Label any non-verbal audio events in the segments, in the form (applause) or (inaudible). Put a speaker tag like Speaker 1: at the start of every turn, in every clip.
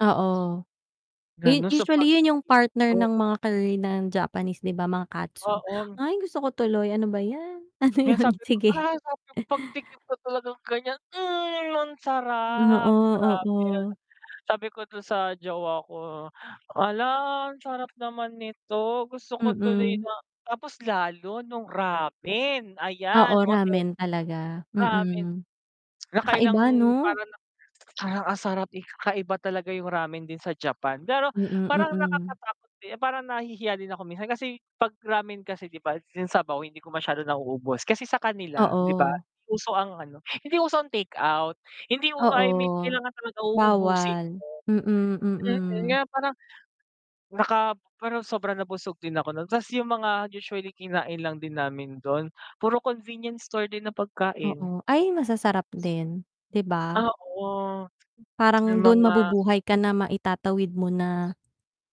Speaker 1: Oo. u
Speaker 2: Lalo sa
Speaker 1: usually, yun yung partner
Speaker 2: pag-ti-TikTok.
Speaker 1: ng mga curry na Japanese 'di ba? Mga katsu.
Speaker 2: Oo.
Speaker 1: Ay! Gusto ko tuloy, ano ba 'yan. Ano
Speaker 2: Yung
Speaker 1: yun?
Speaker 2: sabi ko,
Speaker 1: Sige.
Speaker 2: ah, sabi ko
Speaker 1: (chuckles)
Speaker 2: pagtikim ko talagang ganyan mhm ang sarap
Speaker 1: Oo,
Speaker 2: grabe.
Speaker 1: oo.
Speaker 2: Sabi ko dun sa jowa ko, "Hala ang sarap naman nito!" Gusto ko tuloy
Speaker 1: Mm.
Speaker 2: na tapos lalo nung ramen, ayan,
Speaker 1: Oo,
Speaker 2: okey.
Speaker 1: ramen talaga.
Speaker 2: Ramen.
Speaker 1: Mm.
Speaker 2: (tsk) Nakailang
Speaker 1: Kakaiba 'no?
Speaker 2: parang parang ang sarap. Kakaiba talaga yung ramen din sa Japan, pero
Speaker 1: Mm,
Speaker 2: parang parang
Speaker 1: mm.
Speaker 2: nakakatakot din parang nahihiya din ako minsan kasi, 'pag ramen kasi 'di ba yung sabaw hindi ko masyado nauubos, kasi sa kanila 'di ba
Speaker 1: Oo.
Speaker 2: uso ang ano hindi uso ang take out. Hindi u
Speaker 1: Oo,
Speaker 2: I mean kailangan talaga uubusin
Speaker 1: bawal.
Speaker 2: mo.
Speaker 1: Mm,
Speaker 2: Mm. Na
Speaker 1: mm.
Speaker 2: parang, naka pero sobra nabusog din ako nun 'tas yung mga usually kinain lang din namin dun, puro convenience store din na pagkain.
Speaker 1: Oo. Ay, masasarap din, 'di ba?
Speaker 2: Oo, yung
Speaker 1: Parang dun
Speaker 2: mga
Speaker 1: mabubuhay ka na maitatawid mo na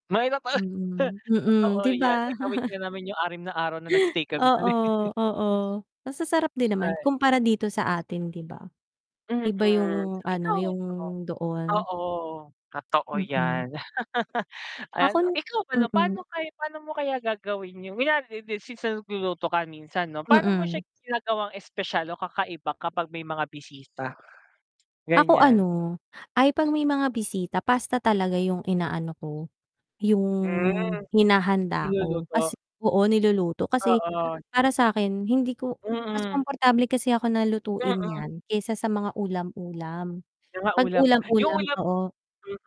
Speaker 2: Mahirap pala
Speaker 1: mm,
Speaker 2: (scoffs)
Speaker 1: mm,
Speaker 2: totoo
Speaker 1: 'di
Speaker 2: 'yan.
Speaker 1: ba?
Speaker 2: Naitawid nga
Speaker 1: (chuckles)
Speaker 2: namin yung 6 na araw na nag-stay kami
Speaker 1: Oo,
Speaker 2: dun eh. (chuckles)
Speaker 1: oo. Masasarap din naman
Speaker 2: Ay.
Speaker 1: kumpara dito sa atin 'di ba. Iba
Speaker 2: Mm,
Speaker 1: yung ano,
Speaker 2: ikaw
Speaker 1: yung
Speaker 2: ba?
Speaker 1: doon.
Speaker 2: Oo, totoo
Speaker 1: Mm.
Speaker 2: yan. (laughs) Ano,
Speaker 1: Akon
Speaker 2: ikaw pala
Speaker 1: mm.
Speaker 2: pa'no kay pa'no mo kaya gagawin yun? Kunwari (unintelligible) since nagluluto ka minsan 'no, pa'no mo
Speaker 1: Mm.
Speaker 2: siya ginagawang espesyal o kakaiba kapag may mga bisita?
Speaker 1: Ako
Speaker 2: Ganyan.
Speaker 1: ano, ay, 'pag may mga bisita pasta talaga yung inaano ko, yung
Speaker 2: Hmm,
Speaker 1: hinahanda ko.
Speaker 2: niluluto.
Speaker 1: Kas oo, niluluto kasi
Speaker 2: Oo.
Speaker 1: para sakin hindi ko mas
Speaker 2: Mm.
Speaker 1: komportable kasi ako na lutuin
Speaker 2: Mm.
Speaker 1: yan kaysa sa mga ulam-ulam.
Speaker 2: Yung mga
Speaker 1: 'Pag
Speaker 2: ulam yung
Speaker 1: ulam-ulam
Speaker 2: ulam
Speaker 1: oo.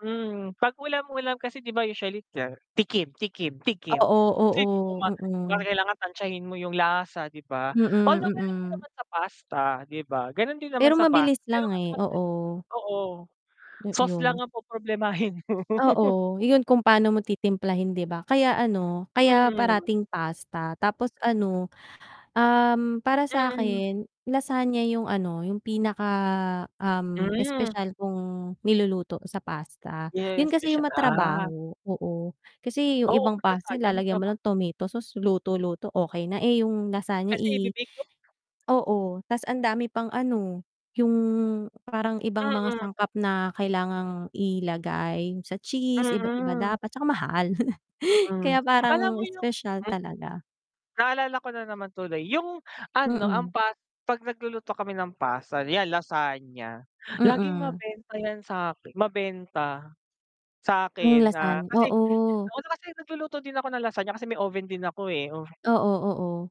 Speaker 2: mm. 'Pag ulam-ulam kasi 'di ba usually (unintelligible) tikim, tikim, tikim.
Speaker 1: Oo,
Speaker 2: Kasi 'di mo
Speaker 1: oo.
Speaker 2: na, 'di mo na
Speaker 1: Mm.
Speaker 2: kailangan tantyahin mo yung lasa 'di ba.
Speaker 1: Mm,
Speaker 2: Although ganun din
Speaker 1: mm.
Speaker 2: naman sa pasta 'di ba, ganun din naman
Speaker 1: Pero
Speaker 2: sa pasta
Speaker 1: mabilis
Speaker 2: pero
Speaker 1: lang
Speaker 2: kasi
Speaker 1: eh,
Speaker 2: madali
Speaker 1: oo.
Speaker 2: oo, sauce lang
Speaker 1: 'Yon.
Speaker 2: ang po-problemahin. mo. (laughs)
Speaker 1: Oo, yun kung paano mo titimplahin 'di ba. Kaya ano, kaya
Speaker 2: Mm.
Speaker 1: parating pasta tapos ano, um, para
Speaker 2: Mm.
Speaker 1: sakin lasagna yung ano, yung pinaka, um,
Speaker 2: Hmm.
Speaker 1: espesyal kong niluluto sa pasta. Yun
Speaker 2: Yes,
Speaker 1: kasi yung
Speaker 2: special ah.
Speaker 1: ma-trabaho, oo. Kasi yung
Speaker 2: Oo,
Speaker 1: ibang
Speaker 2: para
Speaker 1: pasta
Speaker 2: saan yan, sa
Speaker 1: lalagyan mo
Speaker 2: trabaho?
Speaker 1: lang tomato sauce luto-luto, okey na. Eh, yung lasagna
Speaker 2: Kasi
Speaker 1: i
Speaker 2: ibe-bake ko
Speaker 1: oo 'tas ang dami pang ano, yung parang ibang mga
Speaker 2: Mm.
Speaker 1: sangkap na kailangang ilagay sa cheese iba-iba
Speaker 2: Mm.
Speaker 1: dapat tsaka mahal (chuckles)
Speaker 2: Mm.
Speaker 1: kaya
Speaker 2: Alam
Speaker 1: parang
Speaker 2: mo yung
Speaker 1: espesyal talaga.
Speaker 2: Naalala ko na naman tuloy, yung ano, ang
Speaker 1: Mm.
Speaker 2: pas 'pag nagluluto kami ng pasta, 'yan lasagna, laging
Speaker 1: Mm.
Speaker 2: mabenta yan sa mabenta
Speaker 1: Hmm,
Speaker 2: sakin, ah,
Speaker 1: lasan
Speaker 2: kasi
Speaker 1: oo.
Speaker 2: ano kasi nagluluto din ako ng lasagna kasi may oven din ako eh.
Speaker 1: Oo, oo.